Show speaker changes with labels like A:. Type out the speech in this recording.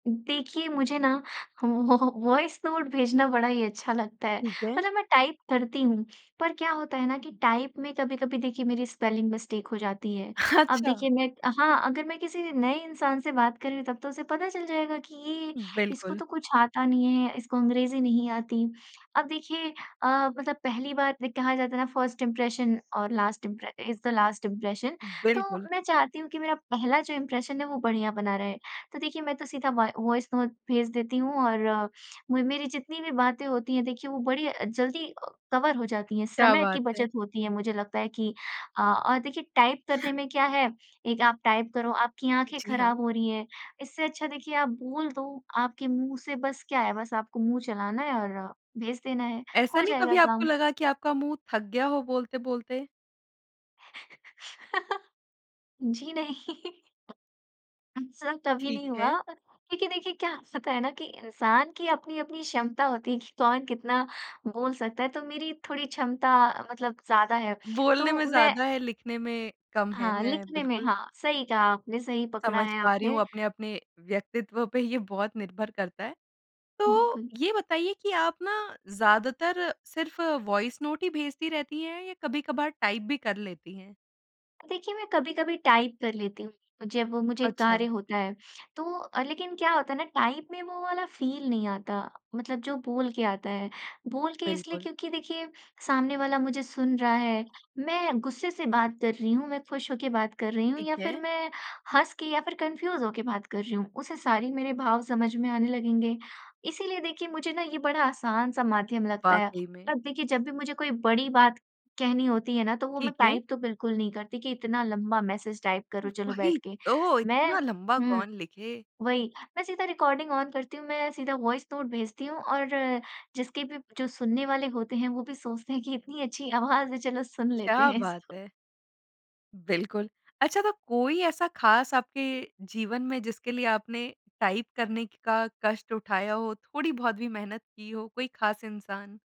A: देखिए, मुझे ना व वॉ वॉइस नोट भेजना बड़ा ही अच्छा लगता है।
B: ठीक है।
A: मतलब मैं टाइप करती हूँ, पर क्या होता है ना कि टाइप में कभी-कभी देखिए मेरी स्पेलिंग मिस्टेक हो जाती है। अब
B: अच्छा।
A: देखिए, मैं हाँ, अगर मैं किसी नए इंसान से बात कर रही हूँ, तब तो उसे पता चल जाएगा कि ये इसको
B: बिल्कुल।
A: तो कुछ आता नहीं है, इसको अंग्रेज़ी नहीं आती। अब देखिए अ, मतलब पहली बार दे कहा जाता है ना फर्स्ट इंप्रेशन और last impression is the last impression. तो
B: बिल्कुल।
A: मैं चाहती हूँ कि मेरा पहला जो इम्प्रेशन है, वो बढ़िया बना रहे। तो देखिए मैं तो सीधा वा वॉइस नोट भेज देती हूँ और मु मेरी जितनी भी बातें होती हैं, देखिए वो बड़ी अ, जल्दी अ, कवर हो जाती हैं,
B: क्या
A: समय की
B: बात है!
A: बचत होती है। मुझे लगता है कि अ अ, देखिए टाइप करने में क्या है, एक आप टाइप करो, आपकी आँखें
B: जी
A: खराब
B: हाँ।
A: हो रही हैं, इससे अच्छा देखिए आप बोल दो, आपके मुँह से बस क्या है, बस आपको मुँह चलाना है और भेज देना है,
B: ऐसा
A: हो
B: नहीं
A: जाएगा
B: कभी आपको
A: काम।
B: लगा कि आपका मुँह थक गया हो बोलते-बोलते?
A: जी, नहीं। इस तरह कभी
B: ठीक
A: नहीं हुआ,
B: है।
A: क्योंकि देखिए, क्या स होता है ना कि इंसान की अपनी-अपनी क्षमता होती है, कि कौन कितना बोल सकता है? तो मेरी थोड़ी क्षमता मतलब ज़्यादा है।
B: बोलने
A: तो
B: में
A: मैं
B: ज़्यादा है, लिखने में कम है,
A: हाँ,
B: मैं
A: लिखने में
B: बिल्कुल
A: हाँ, सही कहा आपने, सही पकड़ा
B: समझ
A: है
B: पा रही हूँ,
A: आपने।
B: अपने-अपने व्यक्तित्व पे ये बहुत निर्भर करता है। तो
A: बिल्कुल।
B: ये बताइए कि आप ना ज़्यादातर सिर्फ वॉइस नोट ही भेजती रहतीं हैं या कभी-कभार टाइप भी कर लेती हैं?
A: देखिए, मैं कभी-कभी टाइप कर लेती हूँ, जब मुझे
B: अच्छा।
A: कार्य होता है। तो अ, लेकिन क्या होता है ना टाइप में वो वाला फील नहीं आता, मतलब जो बोल के आता है। बोल के इसलिए
B: बिल्कुल।
A: क्योंकि देखिए, सामने वाला मुझे सुन रहा है, मैं गुस्से से बात कर रही हूँ, मैं खुश होके बात कर रही हूँ
B: ठीक
A: या फिर
B: है।
A: मैं हँस के या फिर कन्फ्यूज़ होके बात कर रही हूँ, उसे सारी मेरे भाव समझ में आने लगेंगे, इसीलिए देखिए मुझे ना ये बड़ा आसान-सा माध्यम लगता है।
B: वाक़ई में।
A: अब देखिए जब भी मुझे कोई बड़ी बात कहनी होती है ना, तो वो मैं
B: ठीक है।
A: टाइप तो बिल्कुल नहीं करती, कि इतना लंबा मैसेज टाइप करो
B: उ
A: चलो बैठ
B: वही
A: के,
B: तो,
A: मैं
B: इतना लम्बा
A: हुँ।
B: कौन लिखे?
A: वही, मैं सीधा रिकॉर्डिंग ऑन करती हूँ, मैं सीधा वॉइस नोट भेजती हूँ और जिसके भी जो सुनने वाले होते हैं, वो भी सोचते हैं कि इतनी अच्छी आवाज़ है, चलो सुन लेते
B: क्या
A: हैं
B: बात
A: इसको।
B: है! बिल्कुल। अच्छा, तो कोई ऐसा खास आपके जीवन में जिसके लिए आपने टाइप करने की का कष्ट उठाया हो, थोड़ी-बहुत भी मेहनत की हो, कोई खास इंसान?